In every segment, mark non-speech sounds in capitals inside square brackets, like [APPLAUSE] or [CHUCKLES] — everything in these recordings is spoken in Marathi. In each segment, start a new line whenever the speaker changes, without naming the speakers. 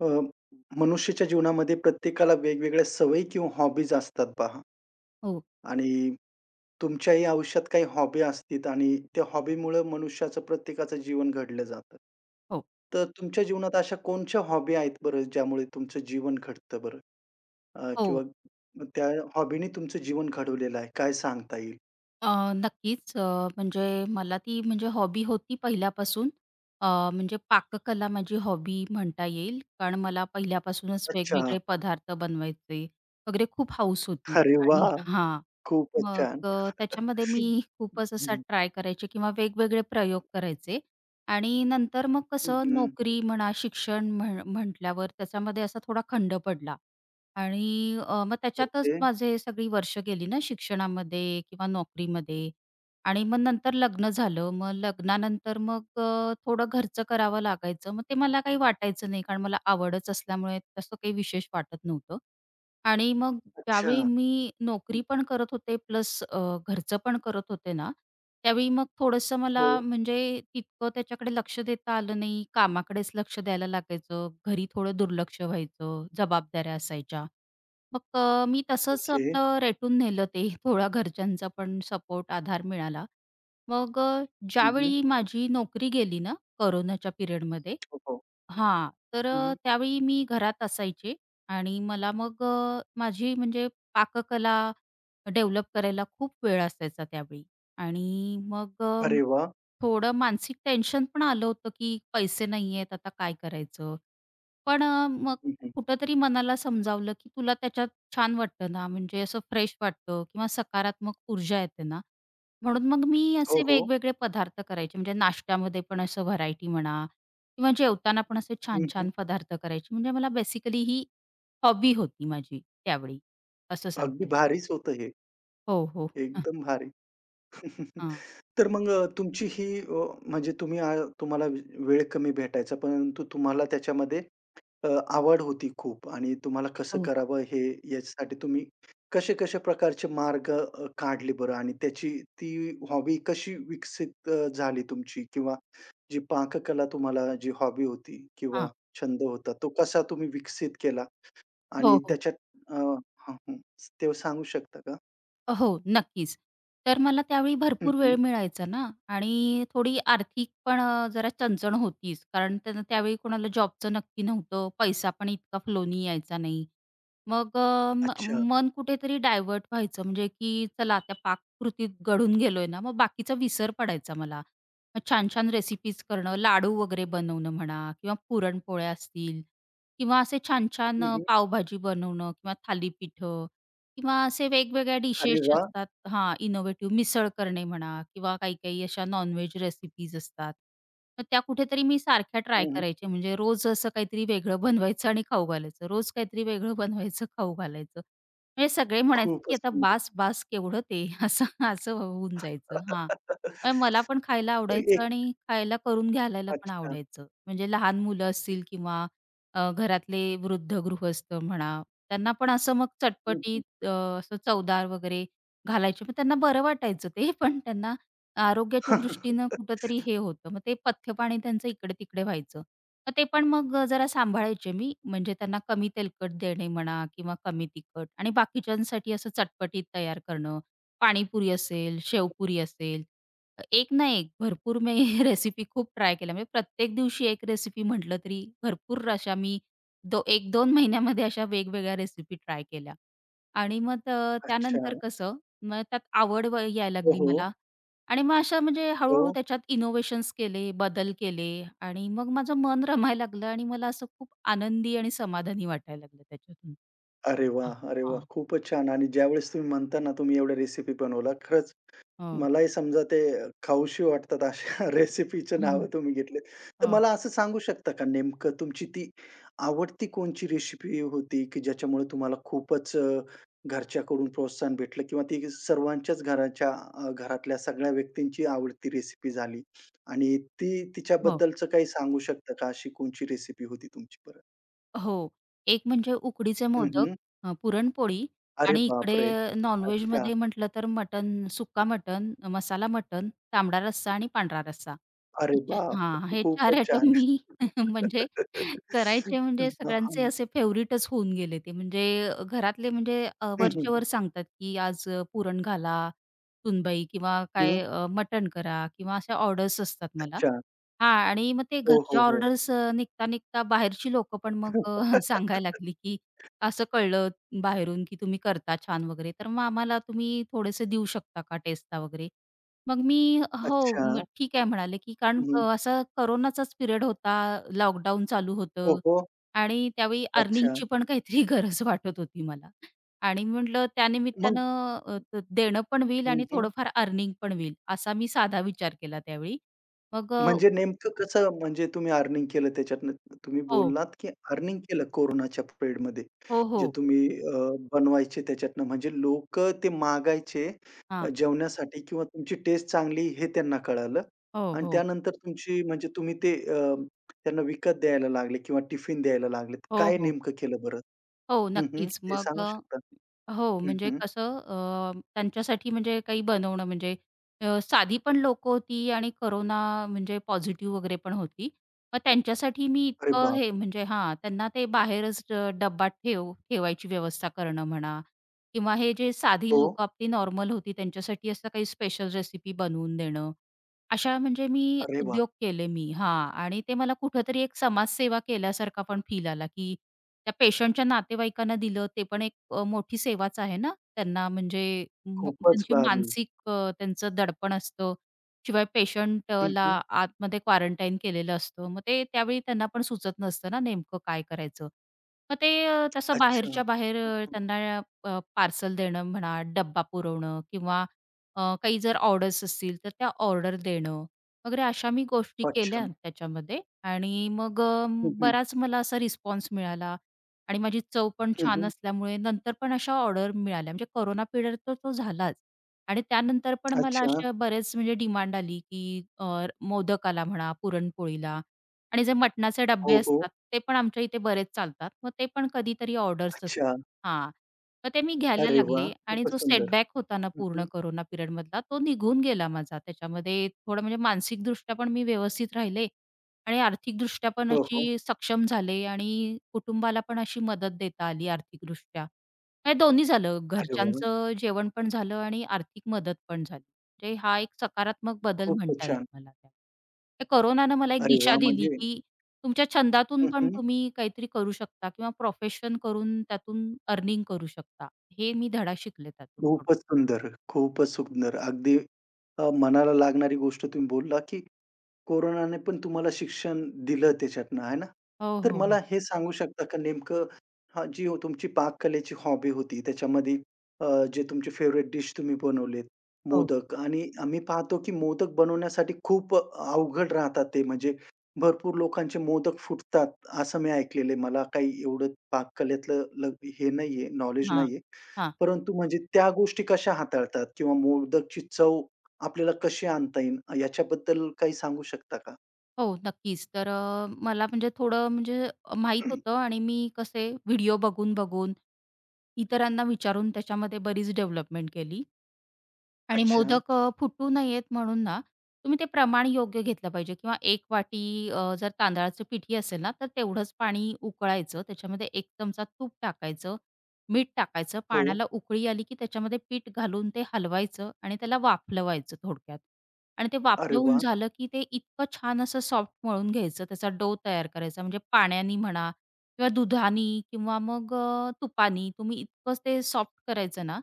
अ, मनुष्याच्या जीवनामध्ये प्रत्येकाला वेगवेगळ्या सवयी किंवा हॉबीज असतात पहा
हो.
आणि तुमच्याही आयुष्यात काही हॉबी असतील आणि त्या हॉबीमुळं मनुष्याचं प्रत्येकाचं जीवन घडलं जातं.
हो.
तर तुमच्या जीवनात अशा कोणत्या हॉबी आहेत बरं ज्यामुळे तुमचं जीवन घडतं बरं? अ,
हो.
किंवा त्या हॉबीने तुमचं जीवन घडवलेलं आहे. काय सांगता येईल?
अ, नक्कीच अ, म्हणजे मला ती म्हणजे हॉबी होती पहिल्यापासून. अ, म्हणजे पाककला माझी हॉबी म्हणता येईल. कारण मला पहिल्यापासूनच
अच्छा.
वेगवेगळे पदार्थ बनवायचे वगैरे खूप हाऊस होती
अरे
आणि
वाह!
[CHUCKLES] हां.
खूपच
मग
छान.
अ,
[CHUCKLES]
त्याच्यामध्ये
हं,
मी खूपच असा
हं.
ट्राय करायचे किंवा वेगवेगळे प्रयोग करायचे. आणि नंतर मग
हं,
कसं,
हं.
नोकरी म्हणा शिक्षण म्ह म्हटल्यावर त्याच्यामध्ये असा थोडा खंड पडला. आणि अ, मग त्याच्यातच
ओके.
माझे सगळी वर्ष गेली ना शिक्षणामध्ये किंवा नोकरीमध्ये. आणि मग नंतर लग्न झालं. मग लग्नानंतर मग अ, थोडं घरचं करावं लागायचं, मग ते मला काही वाटायचं नाही, कारण मला आवडच असल्यामुळे तसं काही विशेष वाटत नव्हतं. आणि मग
अच्छा.
त्यावेळी
हं,
मी नोकरी
हं.
पण करत होते प्लस अ, घरचं पण करत होते ना, त्यावेळी मग थोडंसं मला
हो.
म्हणजे तितकं त्याच्याकडे लक्ष देता आलं नाही कामाकडेच लक्ष द्यायला लागायचं. घरी थोडं दुर्लक्ष व्हायचं. जबाबदाऱ्या असायच्या. मग अ, मी तसंच
ओके.
आपलं रेटून नेलं ते थोडा घरच्यांचा पण सपोर्ट आधार मिळाला. मग अ,
हं, हं.
ज्यावेळी माझी नोकरी गेली ना, कोरोनाच्या पिरियडमध्ये
हो, हो.
हां. तर
हं,
अ,
हं.
त्यावेळी मी घरात असायचे आणि मला मग अ, माझी म्हणजे पाककला डेव्हलप करायला खूप वेळ असायचा त्यावेळी. आणि मग अ,
अरे वाह!
थोडं मानसिक टेन्शन पण आलं होतं की पैसे नाहीहेत आता काय करायचं. पण अ, मग
हं, हं.
कुठेतरी मनाला समजावलं की तुला त्याच्यात छान वाटतं ना म्हणजे असं फ्रेश वाटतं किंवा सकारात्मक ऊर्जा येते ना, म्हणून मग मी
हो,
असे
हो.
वेगवेगळे पदार्थ करायचे. म्हणजे नाश्त्यामध्ये पण असं व्हरायटी म्हणा किंवा जेवताना पण असे
हं, हं.
छान-छान पदार्थ करायचे, म्हणजे मला बेसिकली ही हॉबी होती माझी त्यावेळी. असं
अगदी
सांगता येईल.
भारीच होतं हे.
हो, हो. [CHUCKLES]
एकदम भारी. [CHUCKLES]
हां.
तर मग अ, तुमची ही अ, म्हणजे तुम्ही अ, तुम्हाला वेळ कमी भेटायचा, परंतु तुम्हाला त्याच्यामध्ये अ, आवड होती खूप आणि तुम्हाला कसं
हो.
करावं हे ह्याच्यासाठी तुम्ही कशा-कशा प्रकारचे मार्ग अ, काढले बरं? आणि त्याची ती हॉबी कशी विकसित अ, झाली तुमची? किंवा जी पाककला तुम्हाला जी हॉबी होती किंवा
हां.
छंद होता, तो कसा तुम्ही विकसित केला
हो,
आणि
हो.
त्याच्यात अ, हं, हं. ते सांगू शकता का?
हो, नक्कीच. तर मला त्यावेळी
हं,
भरपूर
हं.
वेळ मिळायचा ना आणि थोडी आर्थिक पण अ, जरा चणचण होतीच. कारण त्यांना त्यावेळी कोणाला जॉबचं नक्की नव्हतं, पैसा पण इतका फ्लोनी यायचा नाही. मग अ, म
अच्छा.
मन कुठेतरी डायव्हर्ट व्हायचं म्हणजे की "चला त्या पाककृतीत गढून गेलोय ना." मग बाकीचा विसर पडायचा मला. मग छान-छान रेसिपीज करणं, लाडू वगैरे बनवणं म्हणा किंवा पुरणपोळ्या असतील किंवा असे छान-छान
हं,
अ,
हं.
पावभाजी बनवणं किंवा थालीपीठं किंवा असे वेगवेगळ्या डिशेस
अरे वा!
असतात हां, इनोव्हेटिव्ह मिसळ करणे म्हणा किंवा काही-काही अशा नॉनवेज रेसिपीज असतात. मग त्या कुठेतरी मी सारख्या ट्राय
हं, हं.
करायचे म्हणजे रोज असं काहीतरी वेगळं बनवायचं आणि खाऊ घालायचं. रोज काहीतरी वेगळं बनवायचं खाऊ घालायचं. म्हणजे सगळे म्हणायचे, की
खूपच
"आता
सुंदर.
बास-बास केवढं ते" असं, असं होऊन जायचं. हां, पण
[LAUGHS] तर
मला पण खायला आवडायचं
एक
आणि खायला करून घालायला पण
अच्छा.
आवडायचं. म्हणजे लहान मुलं असतील किंवा अ, घरातले वृद्ध गृहस्थ म्हणा, त्यांना पण असं मग
हं, हं.
चटपटीत अ, असं चवदार वगैरे घालायचे, मग त्यांना बरं वाटायचं ते. पण त्यांना आरोग्याच्या दृष्टीनं कुठेतरी
[LAUGHS]
हे होतं. मग ते पथ्यपाणी त्यांचं इकडे-तिकडे व्हायचं. मग ते पण मग जरा सांभाळायचे मी म्हणजे त्यांना कमी तेलकट देणे म्हणा किंवा कमी तिखट आणि बाकीच्यांसाठी असं चटपटीत तयार करणं. पाणीपुरी असेल, शेवपुरी असेल एक ना एक, भरपूर मी रेसिपी खूप ट्राय केल्या म्हणजे प्रत्येक दिवशी 1 रेसिपी म्हटलं तरी भरपूर अशा मी दो 1-2 महिन्यामध्ये अशा वेगवेगळ्या रेसिपी ट्राय केल्या. आणि मग
अच्छा.
त्यानंतर कसं मग त्यात आवड व यायला
हो,
लागली
हो.
मला आणि मग अशा म्हणजे हळू-हळू
हो.
त्याच्यात इनोवेशन्स केले, बदल केले आणि मग माझं मन रमायला लागलं आणि मला असं खूप आनंदी आणि समाधानी वाटायला लागलं त्याच्यातून.
अरे वा!
हां,
अरे वा!
हां.
खूपच छान आणि ज्यावेळेस तुम्ही म्हणता ना, तुम्ही एवढ्या रेसिपी बनवला, खरंच
हं.
मलाही समजा ते खाऊशी वाटतात अशा रेसिपीच
हं,
नावं
हं.
तुम्ही घेतलेत. तर
हं.
मला असं सांगू शकता का नेमकं तुमची ती आवडती कोणची रेसिपी होती? की ज्याच्यामुळे तुम्हाला खूपच अ, घरच्याकडून प्रोत्साहन भेटलं किंवा ती सर्वांच्याच घराच्या, अ, घरातल्या सगळ्या व्यक्तींची आवडती रेसिपी झाली आणि ती
हो.
तिच्याबद्दलचं काही सांगू शकता का? अशी कोणची रेसिपी होती तुमची बरं?
हो, एक म्हणजे उकडीचे
हं,
मोदक,
हं.
अ, पुरणपोळी
अरे
आणि
बापरे!
इकडे
अच्छा.
नॉनव्हेजमध्ये म्हटलं तर मटण, सुक्का मटण, मसाला मटण, तांबडा रस्सा आणि पांढरा रस्सा.
अरे
[UNINTELLIGIBLE]
बाप!
हां, हे 4
खूपच
आयटम
छान.
मी म्हणजे [CHUCKLES] करायचे.
[LAUGHS]
म्हणजे सगळ्यांचे
[UNINTELLIGIBLE]
असे फेवरटच होऊन गेले ते. म्हणजे घरातले म्हणजे अ,
हं, हं,
वरचे
हं.
वर सांगतात, की "आज पुरण घाला सुनबाई किंवा
हं.
काय अ, मटण करा किंवा अशा ऑर्डर्स असतात मला."
अच्छा.
हां, आणि मग ते
हो,
घरच्या
हो, हो.
ऑर्डर्स अ, निघता-निघता बाहेरची लोकं पण मग अ, सांगायला
[LAUGHS]
लागली, की "असं कळलं बाहेरून, की तुम्ही करता छान वगैरे, तर मग आम्हाला तुम्ही थोडेसे देऊ शकता का टेस्टला वगैरे." मग मी "हो,
अच्छा.
ठीक आहे म्हणाले," की कारण
हं, हं.
असं कोरोनाचाच पिरियड होता. लॉकडाऊन चालू
हो,
होतं
हो.
आणि त्यावेळी
अच्छा.
अर्निंगची पण काहीतरी गरज वाटत होती मला आणि म्हटलं त्या
मग
निमित्तानं अ, देणं पण होईल
हं,
आणि
हं.
थोडंफार अर्निंग पण होईल, असा मी साधा विचार केला त्यावेळी. मग अ
म्हणजे नेमकं कसं म्हणजे तुम्ही अर्निंग केलं त्याच्यातून, तुम्ही
हो.
बोललात, की अर्निंग केलं कोरोनाच्या पिरियडमध्ये,
हो,
जे
हो.
तुम्ही अ, बनवायचे त्याच्यातून. म्हणजे लोकं ते मागायचे अ,
हां.
जेवण्यासाठी किंवा तुमची टेस्ट चांगली हे त्यांना कळालं
हो.
आणि
हो.
त्यानंतर तुमची म्हणजे तुम्ही ते अ, त्यांना विकत द्यायला लागले किंवा टिफिन द्यायला लागले.
हो,
काय
हो.
नेमकं केलं बरं?
हो.
हं, हं.
नक्कीच
ते
मग
सांगू शकता?
अ हो,
हं,
म्हणजे
हं.
कसं अ, त्यांच्यासाठी म्हणजे काही बनवणं म्हणजे अ, साधी पण लोकं होती आणि कोरोना अ, म्हणजे पॉझिटिव्ह वगैरेपण होती. मग त्यांच्यासाठी मी
अरे
इतकं
बाप!
हे म्हणजे हां, त्यांना ते बाहेरच डब्बा ठेव ठेवायची व्यवस्था करणं म्हणा किंवा हे जे साधी
हो.
लोकं आपली नॉर्मल होती त्यांच्यासाठी असं काही स्पेशल रेसिपी बनवून देणं. अशा म्हणजे मी
अरे वाह!
उद्योग केले मी हां आणि ते मला कुठेतरी एक समाजसेवा केल्यासारखा पण फील आला, की त्या पेशंटच्या नातेवाईकांना दिलं ते पण एक अ, मोठी सेवाच आहे ना. त्यांना म्हणजे
खूपच
त्यांची म
भारी.
मानसिक अ, त्यांचं दडपण असतं, शिवाय
हं,
पेशंटला
हं.
आतमध्ये क्वारंटाईन केलेलं असतं, मग ते त्यावेळी त्यांना पण सुचत नसतं ना नेमकं काय करायचं? मग ते तसं
अच्छा. हं,
बाहेरच्या बाहेर अ,
हं.
त्यांना पार्सल देणं म्हणा, डब्बा पुरवणं किंवा अ, काही जर ऑर्डर्स असतील तर त्या ऑर्डर देणं, वगैरे अशा मी गोष्टी केल्या
अच्छा.
त्याच्यामध्ये आणि मग अ,
हं, हं.
बराच मला असा रिस्पॉन्स मिळाला आणि माझी चव पण
हं,
छान
हं.
असल्यामुळे नंतर पण अशा ऑर्डर मिळाल्या. म्हणजे कोरोना पिरियड तर तो झालाच आणि त्यानंतर पण मला
अच्छा.
अशा बरेच म्हणजे डिमांड आली, की अ, मोदकाला म्हणा, पुरणपोळीला आणि जे मटणाचे डबे
हो,
असतात,
हो.
ते पण आमच्या इथे बरेच चालतात. मग ते पण कधीतरी ऑर्डर्स
अच्छा.
असतात हां. मग ते मी घ्यायला
अरे वाह!
लागले आणि
खूपच
जो
सुंदर.
सेटबॅक होता ना
हं,
पूर्ण
हं.
कोरोना पिरियडमधला तो निघून गेला माझा त्याच्यामध्ये. थोडं म्हणजे मानसिकदृष्ट्या पण मी व्यवस्थित राहिले आणि आर्थिकदृष्ट्या पण
हो, हो.
अशी सक्षम झाले आणि कुटुंबाला पण अशी मदत देता आली आर्थिकदृष्ट्या. हे दोन्ही झालं,
अरे वाह!
घरच्यांचं जेवण पण झालं आणि आर्थिक मदत पण झाली, म्हणजे हा एक सकारात्मक बदल
खूपच
म्हणता येईल
छान.
मला त्या त्या कोरोनाने मला एक
अरे
दिशा
वाह!
दिली,
म्हणजे
की तुमच्या छंदातून
हं,
पण
हं.
तुम्ही काहीतरी करू शकता किंवा प्रोफेशन करून त्यातून अर्निंग करू शकता. हे मी धडा शिकले त्यातून थोडं.
खूपच सुंदर, खूपच सुंदर. अगदी अ, मनाला लागणारी गोष्ट तुम्ही बोलला, की कोरोनाने पण तुम्हाला शिक्षण दिलं त्याच्यातून आहे ना,
हो,
तर
हो,
मला
हो.
हे सांगू शकता का नेमकं हा जी तुमची पाककलेची हॉबी होती, त्याच्यामध्ये अ, जे तुमचे फेव्हरेट डिश तुम्ही बनवलेत
हो.
मोदक आणि आम्ही पाहतो, की मोदक बनवण्यासाठी खूप अवघड राहतात ते. म्हणजे भरपूर लोकांचे मोदक फुटतात. असं मी ऐकलेलं आहे. मला काही एवढं पाककलेतलं ल हे नाहीये, नॉलेज
हां,
नाहीये.
हां.
परंतु म्हणजे त्या गोष्टी कशा हाताळतात किंवा मोदकची चव आपल्याला कशी आणता येईन याच्याबद्दल काही सांगू शकता का?
हो. नक्कीच तर अ, मला म्हणजे थोडं म्हणजे अ, माहीत
[CLEARS THROAT]
होतं. आणि मी कसे व्हिडिओ बघून-बघून इतरांना विचारून त्याच्यामध्ये बरीच डेव्हलपमेंट केली. आणि
अच्छा.
मोदक फुटू नयेत म्हणून ना, तुम्ही ते प्रमाण योग्य घेतलं पाहिजे किंवा एक वाटी अ, जर तांदळाचं पीठही असेल ना तर तेवढंच पाणी उकळायचं त्याच्यामध्ये 1 चमचा तूप टाकायचं, मीठ टाकायचं.
हो.
पाण्याला उकळी आली, की त्याच्यामध्ये पीठ घालून ते हलवायचं आणि त्याला वाफलवायचं थोडक्यात, आणि ते
अरे
वाफलवून
वाह!
झालं की ते इतकं छान असं सॉफ्ट मळून घ्यायचं त्याचा डो तयार करायचा म्हणजे पाण्याने म्हणा किंवा दुधाने किंवा मग अ, तुपानी. तुम्ही इतकंच ते सॉफ्ट करायचं ना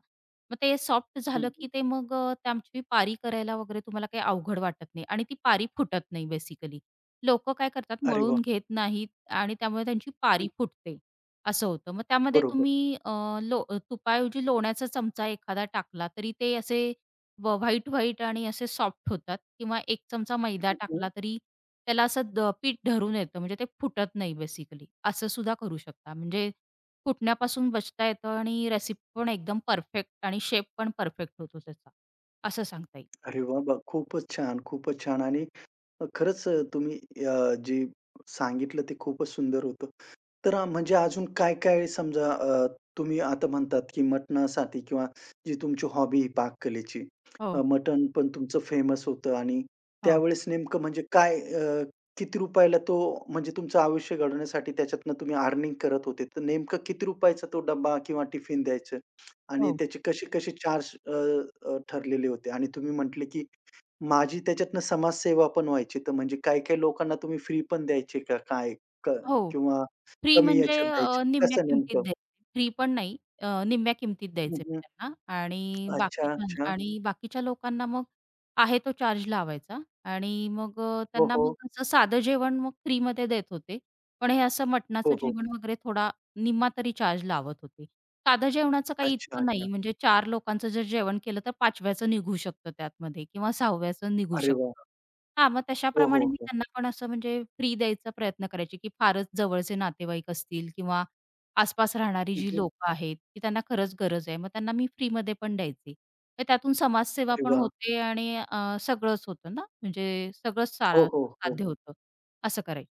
मग ते सॉफ्ट
हं,
झालं
हं.
की ते मग त्याची पारी करायला वगैरे तुम्हाला काही अवघड वाटत नाही आणि ती पारी फुटत नाही बेसिकली. लोकं काय करतात?
अरे
मळून
वाह!
घेत नाहीत आणि त्यामुळे त्यांची
हं.
पारी फुटते. असं होतं. मग त्यामध्ये
बरोबर.
तुम्ही अ, लो तुपाऐवजी लोण्याचा चमचा एखादा टाकला तरी ते असे व व्हाईट-व्हाईट आणि असे सॉफ्ट होतात किंवा 1 चमचा मैदा टाकला
[UNINTELLIGIBLE]
तरी त्याला असं पीठ धरून येतं म्हणजे ते फुटत नाही बेसिकली. असं सुद्धा करू शकता. म्हणजे फुटण्यापासून बचता येतं आणि रेसिपी पण एकदम परफेक्ट आणि शेप पण परफेक्ट होतो त्याचा असं सांगता येईल.
अरे वाह, वाह! खूपच छान, खूपच छान. आणि खरंच तुम्ही अ, जे सांगितलं ते खूपच सुंदर होतं. तर म्हणजे अजून काय-काय समजा अ, तुम्ही आता म्हणतात की मटणासाठी किंवा जी तुमची हॉबी आहे पाककलेची,
हो.
मटण पण तुमचं फेमस होतं आणि
हो.
त्यावेळेस नेमकं म्हणजे काय अ, किती रुपयाला तो म्हणजे तुमचं आयुष्य घडवण्यासाठी त्याच्यातनं तुम्ही अर्निंग करत होते. तर नेमकं किती रुपयाचा तो डब्बा किंवा टिफिन द्यायचं आणि
हो.
त्याचे कसे-कसे चार्ज अ, अ, ठरलेले होते आणि तुम्ही म्हटले, की माझी त्याच्यातनं समाजसेवा पण व्हायची. तर म्हणजे काही-काही लोकांना तुम्ही फ्री पण द्यायचे का काय? क
हो.
किंवा
फ्री
कमी
म्हणजे
ह्याच्यात द्यायची
अ, निम्म्या
कसं
किंमतीत
नेमकं?
द्यायचे फ्री पण नाही अ, निम्म्या किंमतीत
हं,
द्यायचे
हं.
त्यांना आणि
अच्छा,
बाकीच्या
अच्छा.
आणि बाकीच्या लोकांना मग आहे तो चार्ज लावायचा आणि मग अ,
हो,
त्यांना
हो.
मग असं साधं जेवण मग फ्रीमध्ये देत होते. पण हे असं
हो,
मटणाचं
हो.
जेवण वगैरे थोडा निम्मा तरी चार्ज लावत होते. साधं जेवणाचं काही
अच्छा,
इतकं
अच्छा.
नाही म्हणजे 4 लोकांचं जर जेवण केलं तर 5व्याचं निघू शकतं त्यातमध्ये किंवा 6व्याचं निघू
अरे वाह!
शकतं. हां. मग
हो, हो,
तशाप्रमाणे मी
हो.
त्यांना पण असं म्हणजे फ्री द्यायचा प्रयत्न करायचे की फारच जवळचे नातेवाईक असतील किंवा आसपास राहणारी
हं,
जी
हं.
लोकं आहेत, की त्यांना खरंच गरज आहे मग त्यांना मी फ्रीमध्ये पण द्यायचे. तर त्यातून समाजसेवा
अरे
पण
वाह!
होते आणि अ, सगळंच होतं ना म्हणजे सगळंच
हो,
सा
हो, हो.
साध्य होतं असं करायचं.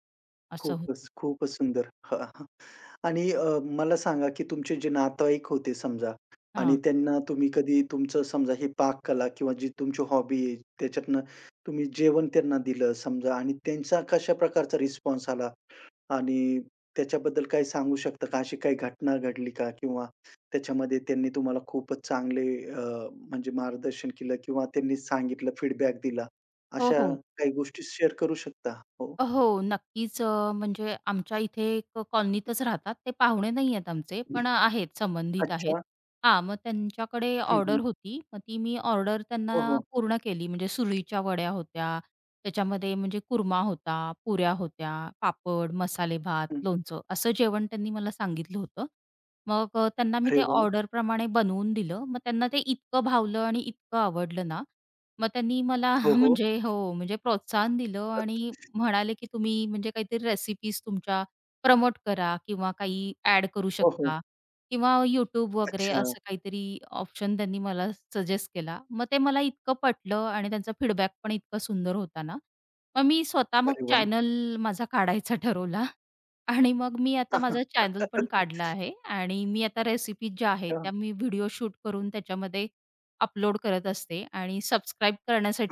असं होतं.
खूपच. खूपच सुंदर [CHUCKLES] आणि अ मला सांगा, की तुमचे जे नातेवाईक होते समजा आणि
हां.
त्यांना तुम्ही कधी तुमचं समजा ही पाककला किंवा जी तुमची हॉबी आहे, त्याच्यातनं तुम्ही जेवण त्यांना दिलं समजा आणि त्यांचा कशा प्रकारचा रिस्पॉन्स आला आणि त्याच्याबद्दल काही सांगू शकता का? अशी काही घटना घडली का? किंवा त्याच्यामध्ये त्यांनी तुम्हाला खूपच चांगले अ, म्हणजे मार्गदर्शन केलं किंवा त्यांनी सांगितलं, फीडबॅक दिला
हो,
अशा
हो.
काही गोष्टी शेअर करू शकता? हो.
अ, हो. नक्कीच. म्हणजे आमच्या इथे एक कॉलनीतच राहतात ते पाहुणे नाही आहेत आमचे, पण आहेत संबंधित आहेत.
अच्छा.
हां. मग त्यांच्याकडे
हं, हं.
ऑर्डर होती मग ती मी ऑर्डर
हो,
त्यांना
हो.
पूर्ण केली म्हणजे सुरळीच्या वड्या होत्या. त्याच्यामध्ये म्हणजे कुरमा होता, पुऱ्या होत्या, पापड, मसाले भात,
हं.
लोणचं असं जेवण त्यांनी मला सांगितलं होतं. मग अ, त्यांना मी
अरे
ते
वाह!
ऑर्डर प्रमाणे बनवून दिलं. मग त्यांना ते इतकं भावलं आणि इतकं आवडलं ना मग त्यांनी मला
हो, हो.
म्हणजे हो म्हणजे प्रोत्साहन दिलं आणि
[UNINTELLIGIBLE]
म्हणाले की "तुम्ही म्हणजे काहीतरी रेसिपीज तुमच्या प्रमोट करा किंवा काही एड करू
हो, हो.
शकता किंवा YouTube वगैरे."
अच्छा.
असं काहीतरी ऑप्शन त्यांनी मला सजेस्ट केला. मग ते मला इतकं पटलं आणि त्यांचा फीडबॅक पण इतका सुंदर होता ना. मग मी स्वतः मग
अरे वाह!
चॅनल माझा काढायचा ठरवला. आणि मग मी आता माझा चॅनल पण काढला
[LAUGHS]
आहे आणि मी आता रेसिपीज ज्या आहेत,
हां.
त्या मी व्हिडिओ शूट करून त्याच्यामध्ये अपलोड करत असते आणि सबस्क्राईब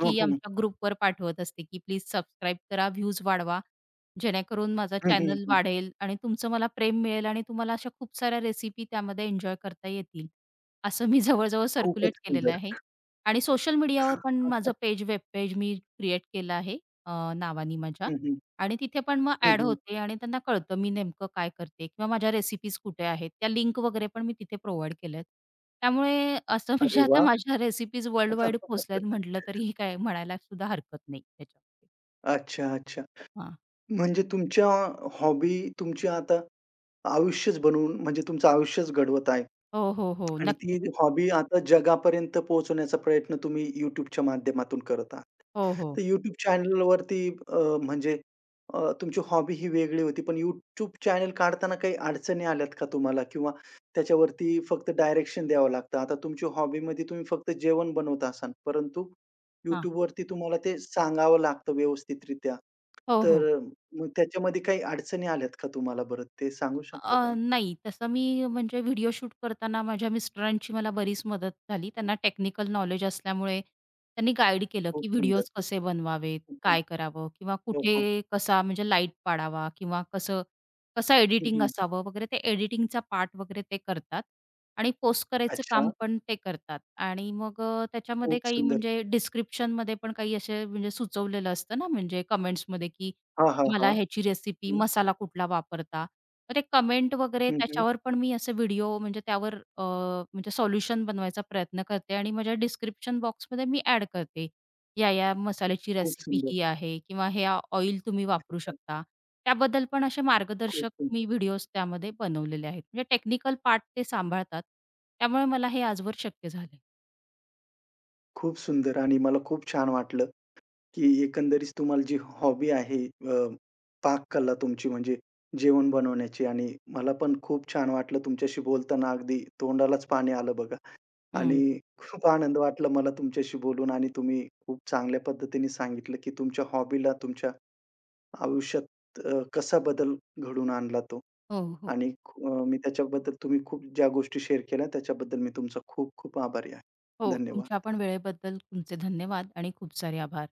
हं, हं.
आमच्या ग्रुपवर पाठवत असते की प्लीज सबस्क्राईब करा. व्ह्यूज वाढवा जेणेकरून माझा
हं, हं,
चॅनल
हं.
वाढेल आणि तुमचं मला प्रेम मिळेल आणि तुम्हाला अशा खूप साऱ्या रेसिपी त्यामध्ये एन्जॉय करता येतील. असं मी जवळ-जवळ
खूपच
सर्क्युलेट केलेलं
सुंदर.
आहे. आणि सोशल मीडियावर पण माझं
[UNINTELLIGIBLE]
पेज वेब पेज मी क्रिएट केलं आहे नावाने माझ्या
हं, हं.
आणि तिथे पण मग
हं,
एड
हं.
होते आणि त्यांना कळतं मी नेमकं काय करते? किंवा माझ्या रेसिपीज कुठे आहेत त्या लिंक वगैरे पण मी तिथे प्रोव्हाईड केल्यात. त्यामुळे असं
अरे
म्हणजे आता
वाह!
माझ्या रेसिपीज वर्ल्ड वाईड पोचल्यात म्हटलं
[LAUGHS]
तरीही काय म्हणायला सुद्धा हरकत नाही त्याच्यामध्ये.
अच्छा, अच्छा.
हां.
म्हणजे तुमच्या हॉबी तुमची आता, आयुष्यच बनवून म्हणजे तुमचं आयुष्यच घडवत आहे
हो, हो, हो.
आणि ती
नक्कीच.
हॉबी आता जगापर्यंत पोहोचवण्याचा प्रयत्न तुम्ही YouTubeच्या माध्यमातून करत आहात.
हो, हो.
तर YouTube चॅनेलवरती अ, म्हणजे अ, तुमची हॉबी ही वेगळी होती. पण YouTube चॅनेल काढताना काही अडचणी आल्यात का तुम्हाला? किंवा त्याच्यावरती फक्त डायरेक्शन द्यावं लागतं. आता तुमची हॉबीमध्ये तुम्ही फक्त जेवण बनवत असाल, परंतु
हां.
YouTube वरती तुम्हाला ते सांगावं लागतं व्यवस्थितरित्या.
हो, हो.
तर अ, मग त्याच्यामध्ये काही अडचणी आल्यात का तुम्हाला बरं ते सांगू शकता
अ,
काही?
नाही तसं मी म्हणजे व्हिडिओ शूट करताना माझ्या मिस्टरांची मला बरीच मदत झाली. त्यांना टेक्निकल नॉलेज असल्यामुळे त्यांनी गाईड केलं
खूप
की
सुंदर.
व्हिडिओज कसे बनवावेत,
हं, हं.
काय करावं किंवा
हो, हं.
कुठे कसा म्हणजे लाईट पाडावा किंवा कसं कसं
हं,
एडिटिंग
हं.
असावं वगैरे, ते एडिटिंगचा पार्ट वगैरे ते करतात आणि पोस्ट करायचं काम
अच्छा.
पण ते करतात. आणि मग अ, त्याच्यामध्ये
खूप
काही
सुंदर.
म्हणजे डिस्क्रिप्शनमध्ये पण काही असे म्हणजे सुचवलेलं असतं ना म्हणजे कमेंट्समध्ये की
हां, हां,
तुम्हाला
हां.
ह्याची रेसिपी,
हं.
मसाला कुठला वापरता, तर ते कमेंट वगैरे
हं, हं.
त्याच्यावर पण मी असे व्हिडिओ म्हणजे त्यावर अ, म्हणजे सोल्युशन बनवायचा प्रयत्न करते आणि माझ्या डिस्क्रिप्शन बॉक्समध्ये मी ॲड करते. या, या मसाल्याची
खूप
रेसिपी
सुंदर.
ही आहे किंवा ह्या ऑइल तुम्ही वापरू
अच्छा.
शकता. त्याबद्दल पण असे
खूप
मार्गदर्शक
[UNINTELLIGIBLE]
मी व्हिडिओज त्यामध्ये बनवलेले आहेत. म्हणजे टेक्निकल पार्ट ते सांभाळतात. त्यामुळे मला हे आजवर शक्य झाले आहे.
खूप सुंदर आणि मला खूप छान वाटलं की एकंदरीच तुम्हाला जी हॉबी आहे अ, पाककला तुमची म्हणजे जेवण बनवण्याची आणि मला पण खूप छान वाटलं तुमच्याशी बोलताना अगदी
हो.
तोंडालाच पाणी आलं बघा आणि
हं.
खूप आनंद वाटला मला तुमच्याशी बोलून आणि तुम्ही खूप चांगल्या पद्धतीने सांगितलं की तुमच्या हॉबीला तुमच्या आयुष्यात अ, कसा बदल घडून आणला तो
हो, हो.
आणि खू मी त्याच्याबद्दल तुम्ही खूप ज्या गोष्टी शेअर केल्या, त्याच्याबद्दल मी तुमचा खूप खूप आभारी आहे.
हो, तुमच्या
धन्यवाद.
पण वेळेबद्दल तुमचे धन्यवाद आणि खूप सारे आभार.